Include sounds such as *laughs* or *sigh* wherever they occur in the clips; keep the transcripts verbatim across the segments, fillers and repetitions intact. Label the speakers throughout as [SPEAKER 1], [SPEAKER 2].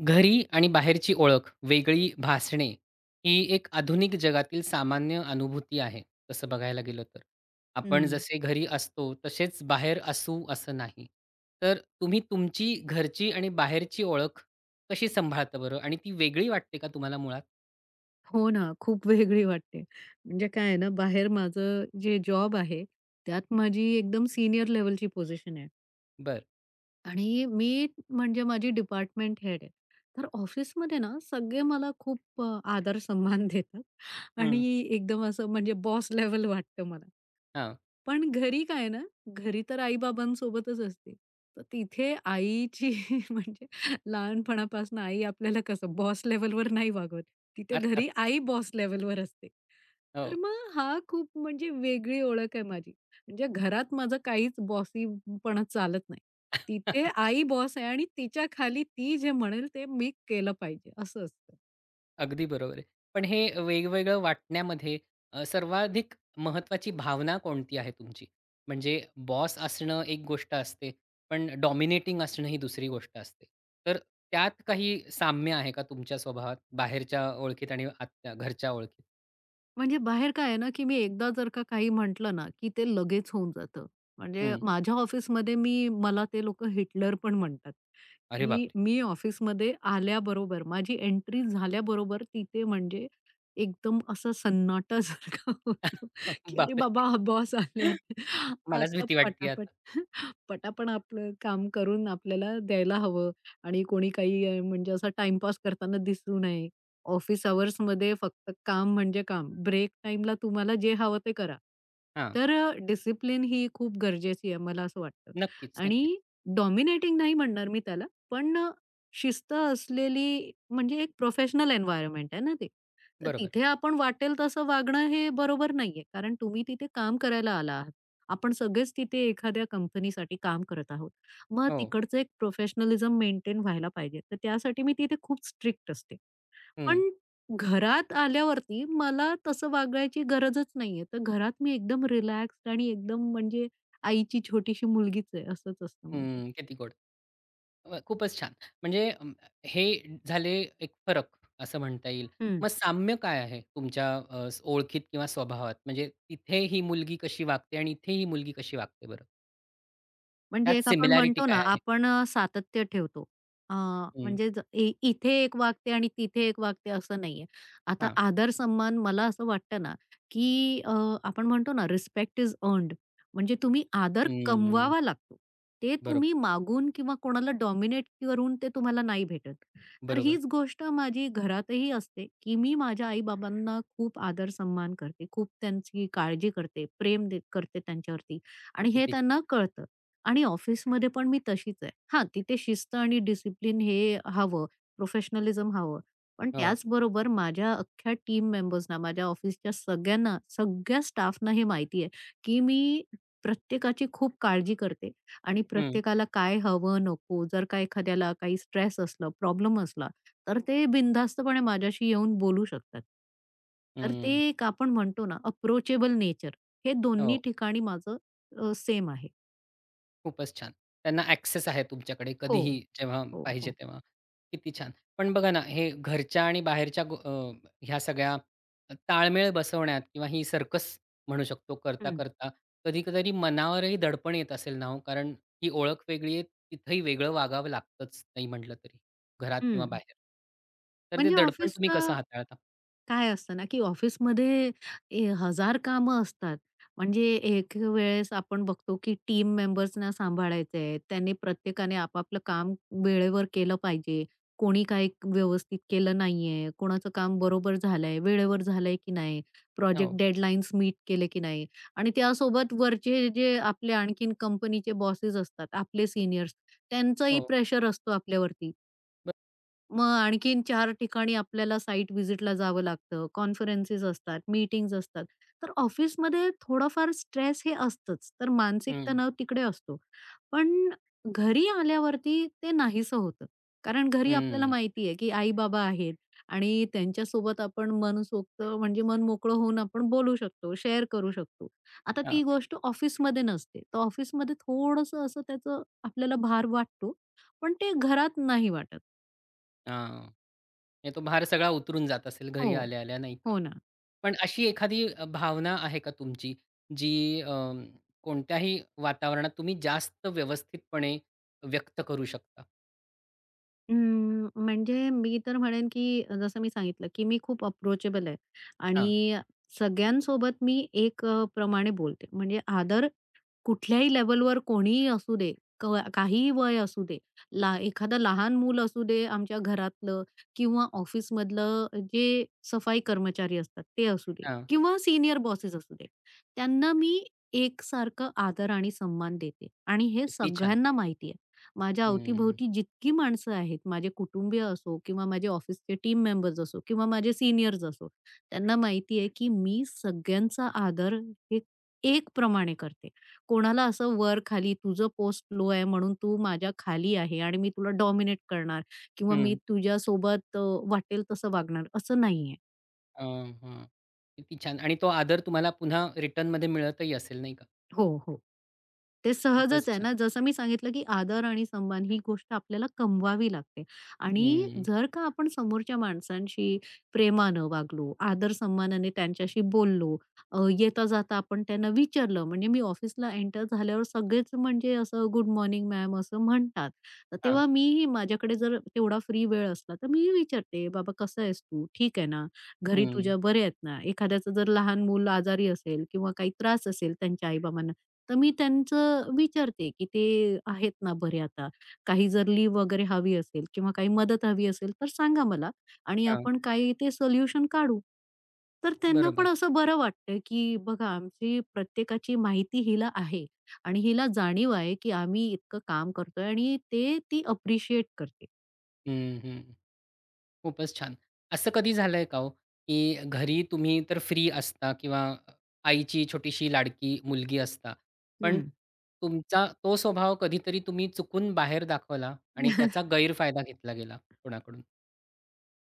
[SPEAKER 1] घरी आणि बाहेरची ओळख वेगळी भासणे, ही एक आधुनिक जगातील सामान्य अनुभूती आहे तसं बघायला गेलं तर. आपण
[SPEAKER 2] हं.
[SPEAKER 1] जसे घरी असतो, तसेच बाहेर असू असं नाही. तर तुम्ही तुमची घरची आणि बाहेरची ओळख कशी सांभाळता बरं आणि ती वेगळी वाटते का तुम्हाला मुळात?
[SPEAKER 2] हो ना. खूप वेगळी वाटते, म्हणजे काय आहे ना, बाहेर माझं जे जॉब आहे, त्यात माझी एकदम सीनियर लेव्हलची पोझिशन आहे
[SPEAKER 1] बरं.
[SPEAKER 2] आणि मी म्हणजे माझी डिपार्टमेंट हेड आहे, तर ऑफिसमध्ये ना, सगळे मला खूप अ आदर, सन्मान देतात आणि
[SPEAKER 1] हं.
[SPEAKER 2] एकदम असं म्हणजे बॉस लेव्हल वाटतं मला.
[SPEAKER 1] हां.
[SPEAKER 2] पण घरी काय ना, घरी तर आई-बाबांसोबतच असते, तर तिथे आईची म्हणजे लहानपणापासनं आई आपल्याला कसं बॉस लेव्हलवर नाही वागवत. तिथे घरी
[SPEAKER 1] अर्थातच.
[SPEAKER 2] आई बॉस लेव्हलवर असते, तर
[SPEAKER 1] हो.
[SPEAKER 2] मग हा खूप म्हणजे वेगळी ओळख आहे माझी. म्हणजे घरात माझं काहीच बॉसीपणा चालत नाही तिथे
[SPEAKER 1] *chuckles*
[SPEAKER 2] आई बॉस आहे. आणि तिच्याखाली ती जे म्हणेल, ते मी केलं पाहिजे असं असतं.
[SPEAKER 1] अगदी बरोबर आहे. पण हे अ, वेगवेगळं वाटण्यामध्ये अ, सर्वाधिक महत्त्वाची भावना कोणती आहे तुमची, म्हणजे बॉस असणं एक गोष्ट असते. पण डॉमिनेटिंग असणं ही दुसरी गोष्ट असते. तर त्यात काही साम्य आहे का तुमच्या स्वभावात बाहेरच्या ओळखीत आणि आतच्या घरच्या ओळखीत?
[SPEAKER 2] म्हणजे बाहेर काय आहे ना, की मी एकदा जर का काही म्हंटल ना, की ते लगेच होऊन जात. म्हणजे
[SPEAKER 1] हं.
[SPEAKER 2] माझ्या ऑफिसमध्ये मी मला ते लोक हिटलर पण म्हणतात.
[SPEAKER 1] अरे
[SPEAKER 2] की
[SPEAKER 1] बापरे!
[SPEAKER 2] मी ऑफिसमध्ये आल्याबरोबर माझी एंट्री झाल्याबरोबर तिथे म्हणजे एकदम असं सन्नाटासारखा,
[SPEAKER 1] *laughs*
[SPEAKER 2] की अरे
[SPEAKER 1] बापरे!
[SPEAKER 2] बाबा बॉस आलेत
[SPEAKER 1] मलाच
[SPEAKER 2] आता
[SPEAKER 1] भीती वाटतीये
[SPEAKER 2] पटापट,
[SPEAKER 1] आता.
[SPEAKER 2] पटापट आपलं काम करून, आपल्याला द्यायला हवं. आणि कोणी काही म्हणजे असा टाईमपास करताना दिसू नये. ऑफिस अवर्समध्ये फक्त काम म्हणजे काम. ब्रेक टाईमला तुम्हाला जे हवं ते करा.
[SPEAKER 1] हां.
[SPEAKER 2] तर अ, डिसिप्लिन ही खूप गरजेची आहे मला असं वाटतं
[SPEAKER 1] नक्कीच, नक्कीच.
[SPEAKER 2] आणि डॉमिनेटिंग नाही म्हणणार मी त्याला, पण अ, शिस्त असलेली म्हणजे एक प्रोफेशनल एन्व्हायर्नमेंट आहेना ते, तर
[SPEAKER 1] बरोबर.
[SPEAKER 2] तिथे आपण वाटेल तसं वागणं हे बरोबर नाहीये, कारण तुम्ही तिथे काम करायला आला आहात. आपण सगळेच तिथे एखाद्या कंपनीसाठी काम करत आहोत, मग
[SPEAKER 1] हो.
[SPEAKER 2] तिकडच एक प्रोफेशनलिझम मेंटेन व्हायला पाहिजे, तर त्यासाठी मी तिथे खूप स्ट्रिक्ट असते.
[SPEAKER 1] हं.
[SPEAKER 2] पण घरात आल्यावरती मला तसं वागायची गरजच नाहीये, तर घरात मी एकदम रिलॅक्स्ड आणि एकदम म्हणजे आईची छोटीशी मुलगीच आहे असंच असतं माझं.
[SPEAKER 1] हं. किती गोड. *unintelligible* खूपच छान. म्हणजे अ, हे झाले एक फरक असं म्हणता येईल.
[SPEAKER 2] हं.
[SPEAKER 1] मग साम्य काय आहे तुमच्या अ, ओळखीत किंवा स्वभावात म्हणजे तिथे ही मुलगी कशी वागते आणि इथे ही मुलगी कशी वागते बरं?
[SPEAKER 2] म्हणजे
[SPEAKER 1] त्यात
[SPEAKER 2] एक आपण
[SPEAKER 1] सिमिलॅरिटी
[SPEAKER 2] म्हणतो
[SPEAKER 1] काय
[SPEAKER 2] ना,
[SPEAKER 1] आहे?
[SPEAKER 2] आपण अ, सातत्य ठेवतो. अ,
[SPEAKER 1] हं.
[SPEAKER 2] म्हणजेच ए इथे एक वागते आणि तिथे एक वागते असं नाहीये. आता
[SPEAKER 1] हां.
[SPEAKER 2] आदर-सन्मान मला असं वाटतं ना, की अ, आपण म्हणतो ना, रिस्पेक्ट इज अर्न्ड. म्हणजे तुम्ही आदर
[SPEAKER 1] हम्म.
[SPEAKER 2] कमवावा लागतो. ते
[SPEAKER 1] बरोब
[SPEAKER 2] तुम्ही मागून किंवा कोणाला डॉमिनेट करून ते तुम्हाला नाही भेटत. तर
[SPEAKER 1] बरोबर.
[SPEAKER 2] हीच गोष्ट माझी घरातही असते, की मी माझ्या आई-बाबांना खूप आदर-सन्मान करते, खूप त्यांची काळजी करते, प्रेम दे करते त्यांच्यावरती आणि हे
[SPEAKER 1] *unintelligible*
[SPEAKER 2] त्यांना कळतं. आणि ऑफिसमध्ये पण मी तशीच आहे. हां. तिथे शिस्त आणि डिसिप्लिन हे हवं, प्रोफेशनलिझम हवं. पण
[SPEAKER 1] हो.
[SPEAKER 2] त्याचबरोबर माझ्या अख्ख्या टीम मेंबर्सना, माझ्या ऑफिसच्या सगळ्यांना, सगळ्या स्टाफना हे माहिती आहे, की मी प्रत्येकाची खूप काळजी करते आणि
[SPEAKER 1] हं.
[SPEAKER 2] प्रत्येकाला काय हवं, नको, जर का एखाद्याला काही स्ट्रेस असलं, प्रॉब्लेम असला, तर ते बिनधास्तपणे माझ्याशी येऊन बोलू शकतात. तर ते
[SPEAKER 1] हम्म.
[SPEAKER 2] एक आपण म्हणतो ना, अप्रोचेबल नेचर, हे दोन्ही
[SPEAKER 1] हो.
[SPEAKER 2] ठिकाणी माझं अ, सेम आहे.
[SPEAKER 1] खूपच छान! त्यांना अ‍ॅक्सेस आहे. तुमच्याकडे
[SPEAKER 2] हो,
[SPEAKER 1] कधीही जेव्हा
[SPEAKER 2] हो,
[SPEAKER 1] पाहिजे
[SPEAKER 2] हो.
[SPEAKER 1] तेव्हा. किती छान. पण बघा ना, हे घरच्या आणि बाहेरच्या अ, ह्या सगळ्या अ, ताळमेळ बसवण्यात किंवा ही सर्कस म्हणू शकतो,
[SPEAKER 2] हं.
[SPEAKER 1] करता-करता कधीतरी मनावरही दडपण येत असेल ना हो. कारण ही ओळख वेगळी आहे. तिथेही वेगळं वागावं लागतंच, नाही म्हटलं तरी. घरात किंवा
[SPEAKER 2] हं.
[SPEAKER 1] बाहेर. तर ते
[SPEAKER 2] म्हणजे
[SPEAKER 1] दडपण तुम्ही कसं
[SPEAKER 2] ऑफिसचं
[SPEAKER 1] हाताळता?
[SPEAKER 2] काय असतं ना, की ऑफिसमध्ये ए हजार कामं असतात. म्हणजे एक वेळेस आपण बघतो की टीम मेंबर्सना सांभाळायचं आहे, त्यांनी प्रत्येकाने आपापलं काम वेळेवर केलं पाहिजे. कोणी काही व्यवस्थित केलं नाहीये, कोणाचं काम बरोबर झालंय, वेळेवर झालंय की नाही, प्रोजेक्ट
[SPEAKER 1] हो.
[SPEAKER 2] डेडलाईन्स मीट केले की नाही आणि त्यासोबत वरचे जे आपले आणखीन कंपनीचे बॉसेस असतात, आपले सीनियर्स, त्यांचंही
[SPEAKER 1] हो.
[SPEAKER 2] प्रेशर असतो आपल्यावरती. मग आणखीन चार ठिकाणी आपल्याला साईट व्हिजिटला जावं लागतं, कॉन्फरन्सेस असतात, मीटिंग्ज असतात, तर ऑफिसमध्ये थोडाफार स्ट्रेस हे असतंच. तर मानसिक
[SPEAKER 1] हं.
[SPEAKER 2] तणाव तिकडे असतो, पण घरी आल्यावरती ते नाहीसं होतं. कारण घरी आपल्याला
[SPEAKER 1] हं.
[SPEAKER 2] माहिती आहे, की आई-बाबा आहेत आणि त्यांच्यासोबत आपण मनसोक्त म्हणजे मनमोकळं होऊन आपण बोलू शकतो, शेअर करू शकतो. आता
[SPEAKER 1] हां.
[SPEAKER 2] ती गोष्ट ऑफिसमध्ये नसते. तर ऑफिसमध्ये थोडसं असं त्याचं आपल्याला भार वाटतो, पण ते घरात नाही वाटत.
[SPEAKER 1] आ, नाही तो भार सगळा उतरून जात असेल घरी
[SPEAKER 2] हो.
[SPEAKER 1] आल्या-आल्या नाही का?
[SPEAKER 2] हो ना.
[SPEAKER 1] पण अशी एखादी अ, भावना आहे का तुमची, जी अ, कोणत्याही वातावरणात तुम्ही जास्त व्यवस्थितपणे व्यक्त करू शकता?
[SPEAKER 2] अं, म्हणजे मी तर म्हणेन, की अ, जसं मी सांगितलं, की मी खूप अप्रोचेबल आहे
[SPEAKER 1] हां.
[SPEAKER 2] आणि सगळ्यांसोबत मी एक अ, प्रमाणे बोलते. म्हणजे आदर कुठल्याही लेव्हलवर कोणीही असू दे कवा काहीही वय असू दे. ला एखादं लहान मूल असू दे आमच्या घरातलं किंवा ऑफिसमधलं जे सफाई कर्मचारी असतात, ते असू दे
[SPEAKER 1] हां.
[SPEAKER 2] किंवा सीनियर बॉसेस असू दे. त्यांना मी एक सारखं आदर आणि सन्मान देते आणि हे
[SPEAKER 1] किती छान!
[SPEAKER 2] सगळ्यांना माहिती आहे. माझ्या
[SPEAKER 1] हं.
[SPEAKER 2] अवतीभोवती जितकी माणसं आहेत, माझे कुटुंबीय असो किंवा माझे ऑफिसचे टीम मेंबर्स असो किंवा माझे सीनियर्स असो, त्यांना माहिती आहे की मी सगळ्यांचा आदर हे ए एक प्रमाणे करते. कोणाला असं वर-खाली, तुझं पोस्ट लो आहे म्हणून तू माझ्या खाली आहे आणि मी तुला डॉमिनेट करणार किंवा मी
[SPEAKER 1] हं.
[SPEAKER 2] तुझ्यासोबत अ, वाटेल तसं वागणार, असं नाहीये.
[SPEAKER 1] अ, हं. किती छान. आणि तो आदर तुम्हाला पुन्हा रिटर्नमध्ये मिळतही असेल नाही का?
[SPEAKER 2] हो, हो. ते
[SPEAKER 1] खूपच
[SPEAKER 2] सहजच आहे
[SPEAKER 1] छान.
[SPEAKER 2] ना. जसं मी सांगितलं, की आदर आणि सन्मान ही गोष्ट आपल्याला कमवावी लागते. आणि
[SPEAKER 1] हं.
[SPEAKER 2] जर का आपण समोरच्या माणसांशी प्रेमानं वागलो, आदर सन्मानाने त्यांच्याशी बोललो, अ, येता-जाता आपण त्यांना विचारलं, म्हणजे मी ऑफिसला एंटर झाल्यावर सगळेच म्हणजे असं, 'गुड मॉर्निंग मॅम' असं म्हणतात. तर
[SPEAKER 1] हां.
[SPEAKER 2] तेव्हा मी ही माझ्याकडे जर तेवढा फ्री वेळ असला, तर मी ही विचारते, 'बाबा कसा आहेस तू? ठीक आहे ना? घरी
[SPEAKER 1] हं.
[SPEAKER 2] तुझ्या बरे आहेत ना?' एखाद्याचं जर लहान मुलं आजारी असेल किंवा काही त्रास असेल त्यांच्या आई-बाबांना, तर मी त्यांचं विचारते की, 'ते आहेत ना बरे आता?' काही जर लीव वगैरे हवी असेल किंवा काही मदत हवी असेल, तर सांगा मला. आणि
[SPEAKER 1] हां.
[SPEAKER 2] आपण काही ते सोल्युशन काढू. तर त्यांना पण
[SPEAKER 1] बरोबर.
[SPEAKER 2] असं बरं वाटतंय की बघा, आमची प्रत्येकाची माहिती हिला आहे. आणि हिला जाणीव आहे, की आम्ही इतकं काम करतोय आणि ते ती अप्रिशिएट करते.
[SPEAKER 1] हं, हं. खूपच छान. असं कधी झालंय का हो, की घरी तुम्ही तर फ्री असता किंवा आईची छोटीशी लाडकी मुलगी असता, पण
[SPEAKER 2] हं.
[SPEAKER 1] तुमचा तो स्वभाव कधीतरी तुम्ही चुकून बाहेर दाखवला आणि त्याचा
[SPEAKER 2] *laughs*
[SPEAKER 1] गैरफायदा घेतला गेला कोणाकडून?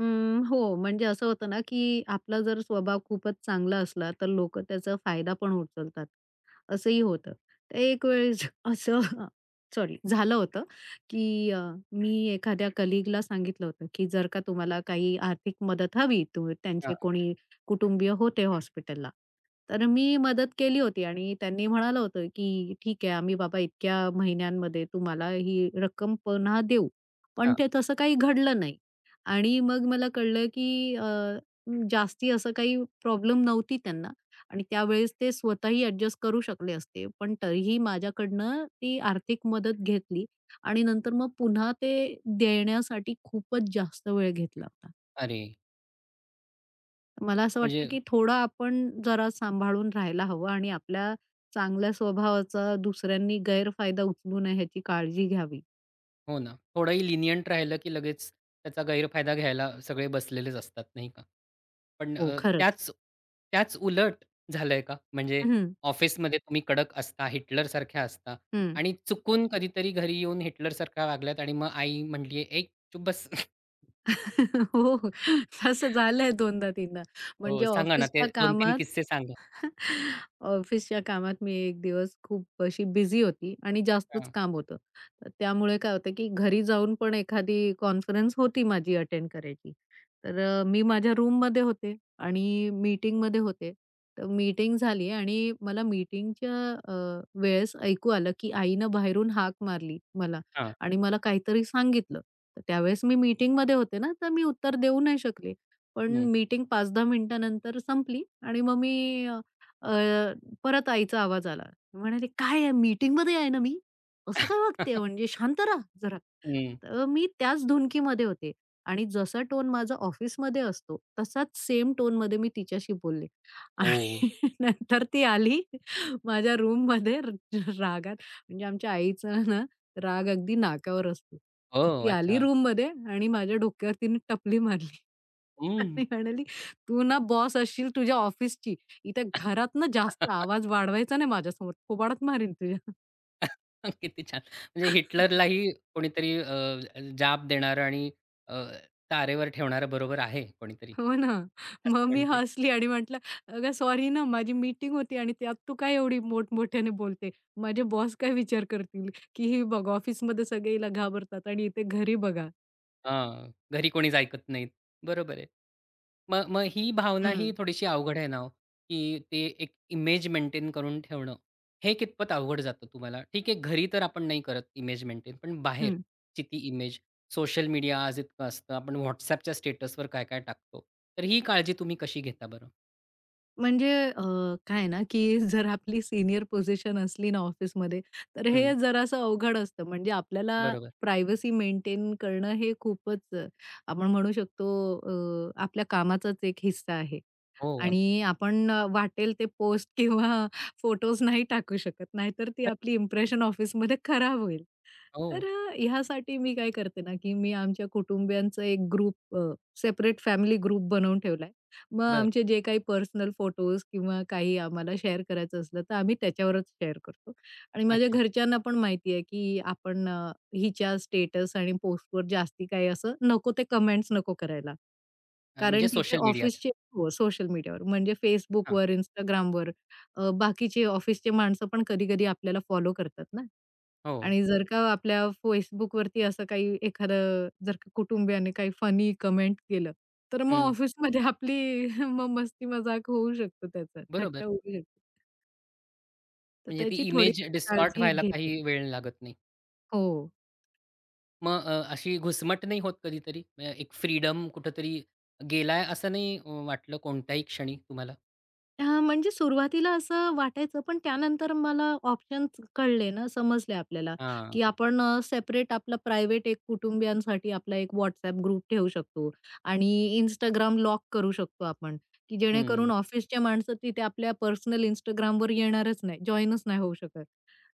[SPEAKER 2] हं, हो. म्हणजे असं होतं ना, की आपला जर स्वभाव खूपच चांगला असला, तर लोकं त्याचा फायदा पण उचलतात, असंही होतं. तर एक वेळेस असं हं, सॉरी, झालं होतं, की अ, मी एखाद्या कलीगला सांगितलं होतं, की जर का तुम्हाला काही आर्थिक मदत हवी, तर
[SPEAKER 1] हां.
[SPEAKER 2] त्यांचे कोणी कुटुंबीय होते हॉस्पिटलला. तर मी मदत केली होती आणि त्यांनी म्हणालं होतं, की ठीक आहे, आम्ही बाबा इतक्या महिन्यांमध्ये तुम्हाला ही रक्कम पुन्हा देऊ. पण
[SPEAKER 1] हां.
[SPEAKER 2] ते तसं काही घडलं नाही. आणि मग मला कळलं की अ, जास्ती असं काही प्रॉब्लेम नव्हती त्यांना आणि त्यावेळेस ते स्वतःही अ‍ॅडजस्ट करू शकले असते, पण तरीही माझ्याकडनं ती आर्थिक मदत घेतली आणि नंतर मग पुन्हा ते देण्यासाठी खूपच जास्त वेळ घेतला होता.
[SPEAKER 1] अरे.
[SPEAKER 2] मला असं वाटतं,
[SPEAKER 1] म्हणजे
[SPEAKER 2] की थोडं आपण जरा सांभाळून राहायला हवं आणि आपल्या चांगल्या स्वभावाचा दुसऱ्यांनी गैरफायदा उचलू नये, याची काळजी घ्यावी.
[SPEAKER 1] हो ना. थोडंही लिनिएंट राहिलं, की लगेच त्याचा गैरफायदा घ्यायला सगळे बसलेलेच असतात, नाही का. पण
[SPEAKER 2] हो,
[SPEAKER 1] अ,
[SPEAKER 2] खरंच.
[SPEAKER 1] त्याच त्याच उलट झालंय का? म्हणजे
[SPEAKER 2] हं, हं.
[SPEAKER 1] ऑफिसमध्ये तुम्ही कडक असता, हिटलरसारख्या असता
[SPEAKER 2] हं.
[SPEAKER 1] आणि चुकून कधीतरी घरी येऊन हिटलरसारख्या वागल्यात आणि मग आई म्हणलीये, ए, चूप बस?
[SPEAKER 2] *chuckles* हो, हो. तसं झालंय दोनदा, तीनदा. म्हणजे
[SPEAKER 1] हो, सांगा ना. ते
[SPEAKER 2] ऑफिसच्या
[SPEAKER 1] दोन तीन
[SPEAKER 2] कामात
[SPEAKER 1] किस्से सांगा.
[SPEAKER 2] *chuckles* ऑफिसच्या कामात मी एक दिवस खूप अशी बिझी होते आणि जास्तच
[SPEAKER 1] हां.
[SPEAKER 2] काम होतं. तर त्यामुळे काय होतं, की घरी जाऊन पण एखादी कॉन्फरन्स होती, माझी अटेंड करायची. तर अ, मी माझ्या रूममध्ये होते आणि मीटिंगमध्ये होते. तर मीटिंग झाली आणि मला मीटिंगच्या अ, वेळेस ऐकू आलं, की आईनं बाहेरून हाक मारली मला
[SPEAKER 1] हां.
[SPEAKER 2] आणि मला काहीतरी सांगितलं. त्यावेळेस मी मीटिंगमध्ये होते ना, तर मी उत्तर देऊ नाही शकले. पण
[SPEAKER 1] हं.
[SPEAKER 2] मीटिंग पाच दहा मिनिटानंतर संपली आणि मग मी अ, परत आईचा आवाज आला. म्हणाले, "काय आहे? मीटिंगमध्ये आहे ना मी. असं काय वागतेय,
[SPEAKER 1] *chuckles*
[SPEAKER 2] म्हणजे शांत रहा जरा."
[SPEAKER 1] हं.
[SPEAKER 2] तर मी त्याच धुंदीमध्ये होते आणि जसा टोन माझा ऑफिसमध्ये असतो, तसाच सेम टोनमध्ये मी तिच्याशी बोलले.
[SPEAKER 1] हो.
[SPEAKER 2] आणि नंतर ती आली, माझ्या रूममध्ये र रागात. म्हणजे आमच्या आईचा ना, राग अगदी नाकावर असतो.
[SPEAKER 1] ओह,
[SPEAKER 2] ती
[SPEAKER 1] अच्छा.
[SPEAKER 2] आली रूममध्ये आणि माझ्या डोक्यावर तिने टपली मारली
[SPEAKER 1] हं.
[SPEAKER 2] आणि म्हणाली, तू ना बॉस असशील तुझ्या ऑफिसची. इथे घरात ना, जास्त
[SPEAKER 1] *chuckles*
[SPEAKER 2] आवाज वाढवायचा नाही माझ्यासमोर. थोबाडात मारीन तुझ्या. *chuckles*
[SPEAKER 1] *chuckles* किती छान. म्हणजे
[SPEAKER 2] *chuckles*
[SPEAKER 1] हिटलरलाही कोणीतरी अ, जाब देणारं आणि अ, तारेवर ठेवणारं, बरोबर आहे कोणीतरी
[SPEAKER 2] हो ना,
[SPEAKER 1] असं
[SPEAKER 2] मग मी
[SPEAKER 1] म्हणता येईल.
[SPEAKER 2] हसली आणि म्हटलं, "अगं! सॉरी ना माझी मीटिंग होती आणि त्यात तू काय एवढी मोठ-मोठयाने बोलते. माझे बॉस काय विचार करतील, की ही बघा ऑफिसमध्ये सगळे हिला घाबरतात आणि इथे घरी बघा."
[SPEAKER 1] अ, घरी कोणीच ऐकत नाही. बरोबर आहे. मग मग ही भावना ही
[SPEAKER 2] हं.
[SPEAKER 1] थोडीशी अवघड आहे ना हो, की ते एक इमेज मेंटेन करून ठेवणं. हे कितपत अवघड जातं तुम्हाला? ठीक आहे. घरी तर आपण नाही करत इमेज मेंटेन, पण
[SPEAKER 2] हं.
[SPEAKER 1] बाहेरची ती इमेज सोशल मीडिया आज इतकं असतं, आपण WhatsAppच्या स्टेटसवर काय-काय टाकतो. तर ही काळजी तुम्ही कशी घेता बरं?
[SPEAKER 2] म्हणजे अ, काय आहे ना, की *chuckles* जर आपली सीनियर पोझिशन असली ना ऑफिसमध्ये, तर
[SPEAKER 1] हं.
[SPEAKER 2] हे जरासं अवघड असतं. म्हणजे आपल्याला
[SPEAKER 1] बरोबर.
[SPEAKER 2] प्रायव्हसी मेंटेन करणं, हे खूपच आपण म्हणू शकतो. अ, आपल्या कामाचाच एक हिस्सा आहे
[SPEAKER 1] हो. अगदी.
[SPEAKER 2] आणि आपण वाटेल ते पोस्ट किंवा फोटोज नाही टाकू शकत, नाहीतर ती
[SPEAKER 1] *unintelligible*
[SPEAKER 2] आपली इंप्रेशन ऑफिसमध्ये खराब होईल. तर
[SPEAKER 1] हो.
[SPEAKER 2] अ, ह्यासाठी मी काय करते ना, की मी आमच्या कुटुंबियांचा एक ग्रुप अ, सेपरेट फॅमिली ग्रुप बनवून ठेवलाय. मग
[SPEAKER 1] बरं.
[SPEAKER 2] आमचे जे काही पर्सनल फोटोज किंवा काही आम्हाला शेअर करायचं असलं, तर आम्ही त्याच्यावरच शेअर करतो आणि माझ्या
[SPEAKER 1] अच्छा.
[SPEAKER 2] घरच्यांना पण माहिती आहे, की आपण अ, हिच्या स्टेटस आणि पोस्टवर जास्ती काही असं नको ते कमेंट्स नको करायला.
[SPEAKER 1] अ,
[SPEAKER 2] कारण
[SPEAKER 1] म्हणजे
[SPEAKER 2] तिथे
[SPEAKER 1] सोशल मीडियाच्या.
[SPEAKER 2] ऑफिसचे हो. सोशल मीडियावर म्हणजे
[SPEAKER 1] हां.
[SPEAKER 2] Facebookवर, Instagramवर अ, बाकीचे ऑफिसचे माणसं पण कधी-कधी आपल्याला फॉलो करतात ना
[SPEAKER 1] हो.
[SPEAKER 2] आणि जर का आपल्या Facebookवरती असं काही एखादं जर कुटुंबियाने काही फनी कमेंट केलं, तर मग
[SPEAKER 1] हं.
[SPEAKER 2] ऑफिसमध्ये आपली मग मस्ती-मजाक होऊ शकते, त्याचा थट्टा
[SPEAKER 1] बरोबर.
[SPEAKER 2] होऊ शकते. तर
[SPEAKER 1] म्हणजे ती
[SPEAKER 2] त्याची थोडी
[SPEAKER 1] इमेज
[SPEAKER 2] *unintelligible*
[SPEAKER 1] डिस्टॉर्ट
[SPEAKER 2] काळजी
[SPEAKER 1] व्हायला
[SPEAKER 2] घेते.
[SPEAKER 1] काही वेळ लागत नाही.
[SPEAKER 2] हो.
[SPEAKER 1] मग अ, अशी घुसमट नाही होत कधीतरी? अ, एक फ्रीडम कुठेतरी गेलाय, असं नाही वाटलं कोणत्याही क्षणी तुम्हाला?
[SPEAKER 2] हां. म्हणजे सुरुवातीला असं वाटायचं, पण त्यानंतर मला ऑप्शन्स कळले ना, समजले आपल्याला,
[SPEAKER 1] हां.
[SPEAKER 2] की आपण अ, सेपरेट आपलं प्रायव्हेट एक कुटुंबियांसाठी आपला एक WhatsApp ग्रुप ठेवू शकतो आणि Instagram लॉक करू शकतो आपण, की जेणेकरून
[SPEAKER 1] हं.
[SPEAKER 2] ऑफिसच्या माणसं तिथे आपल्या पर्सनल Instagramवर येईल येणारच नाही, जॉइनच नाही होऊ शकत.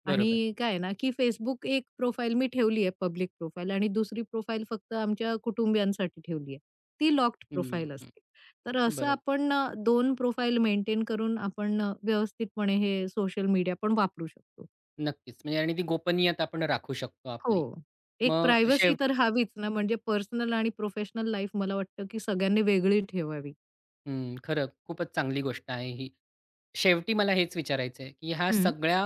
[SPEAKER 1] बरोबर.
[SPEAKER 2] आणि काय आहे ना, की Facebook एक प्रोफाइल मी ठेवली आहे पब्लिक प्रोफाइल आणि दुसरी प्रोफाइल फक्त आमच्या कुटुंबियांसाठी ठेवलीये. ती लॉक्ड
[SPEAKER 1] हं,
[SPEAKER 2] प्रोफाइल
[SPEAKER 1] हं.
[SPEAKER 2] असते. तर असं
[SPEAKER 1] बरोबर.
[SPEAKER 2] आपण दोन प्रोफाइल मेंटेन करून आपण अ, व्यवस्थितपणे हे सोशल मीडिया पण वापरू शकतो.
[SPEAKER 1] नक्कीच, म्हणजे आणि ती गोपनीयता आपण राखू शकतो
[SPEAKER 2] हो.
[SPEAKER 1] आपली.
[SPEAKER 2] एक
[SPEAKER 1] मग
[SPEAKER 2] प्रायव्हसी
[SPEAKER 1] शेव
[SPEAKER 2] तर हवीच ना, म्हणजे पर्सनल आणि प्रोफेशनल लाईफ मला वाटतं, की सगळ्यांनी वेगळी ठेवावी.
[SPEAKER 1] हं. खरं खूपच चांगली गोष्ट आहे ही. शेवटी मला हेच विचारायचंय, की ह्या
[SPEAKER 2] हं.
[SPEAKER 1] सगळ्या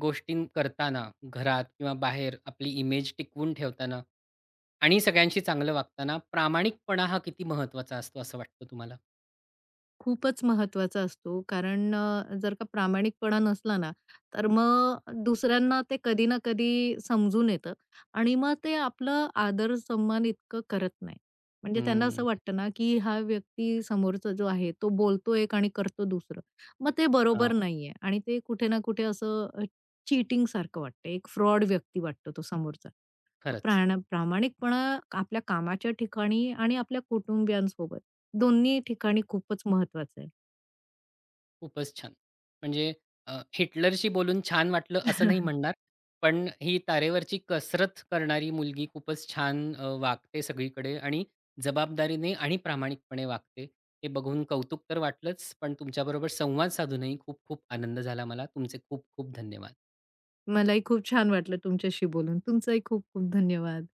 [SPEAKER 1] गोष्टी करताना घरात किंवा बाहेर आपली इमेज टिकवून ठेवताना आणि सगळ्यांशी चांगलं वागताना प्रामाणिकपणा हा किती महत्वाचा असतो, असं वाटतं तुम्हाला?
[SPEAKER 2] खूपच महत्वाचा असतो. कारण अ, जर का प्रामाणिकपणा नसला ना, तर मग दुसऱ्यांना ते कधी ना कधी समजून येतं आणि मग ते आपलं आदर सम्मान इतकं करत नाहीत. म्हणजे त्यांना
[SPEAKER 1] हं.
[SPEAKER 2] असं वाटतं ना, की हा व्यक्ती समोरचा जो आहे, तो बोलतो एक आणि करतो दुसरं. मग ते
[SPEAKER 1] हां.
[SPEAKER 2] बरोबर नाहीये. आणि ते कुठे ना कुठे असं चीटिंगसारखं वाटतंय, एक फ्रॉड व्यक्ती वाटतो तो समोरचा.
[SPEAKER 1] खरंच.
[SPEAKER 2] प्राणा प्रामाणिकपणा आपल्या कामाच्या ठिकाणी आणि आपल्या कुटुंबियांसोबत दोन्ही ठिकाणी खूपच महत्वाचं आहे.
[SPEAKER 1] खूपच छान. म्हणजे अ, हिटलरशी बोलून छान वाटलं असं नाही
[SPEAKER 2] *chuckles*
[SPEAKER 1] म्हणणार. पण ही तारेवरची कसरत करणारी मुलगी खूपच छान अ, वागते सगळीकडे आणि जबाबदारीने आणि प्रामाणिकपणे वागते. हे बघून कौतुक तर वाटलंच, पण तुमच्याबरोबर संवाद साधूनही खूप खूप आनंद झाला मला. तुमचे खूप खूप धन्यवाद.
[SPEAKER 2] मलाही खूप छान वाटलं तुमच्याशी बोलून. तुमचंही खूप, खूप धन्यवाद.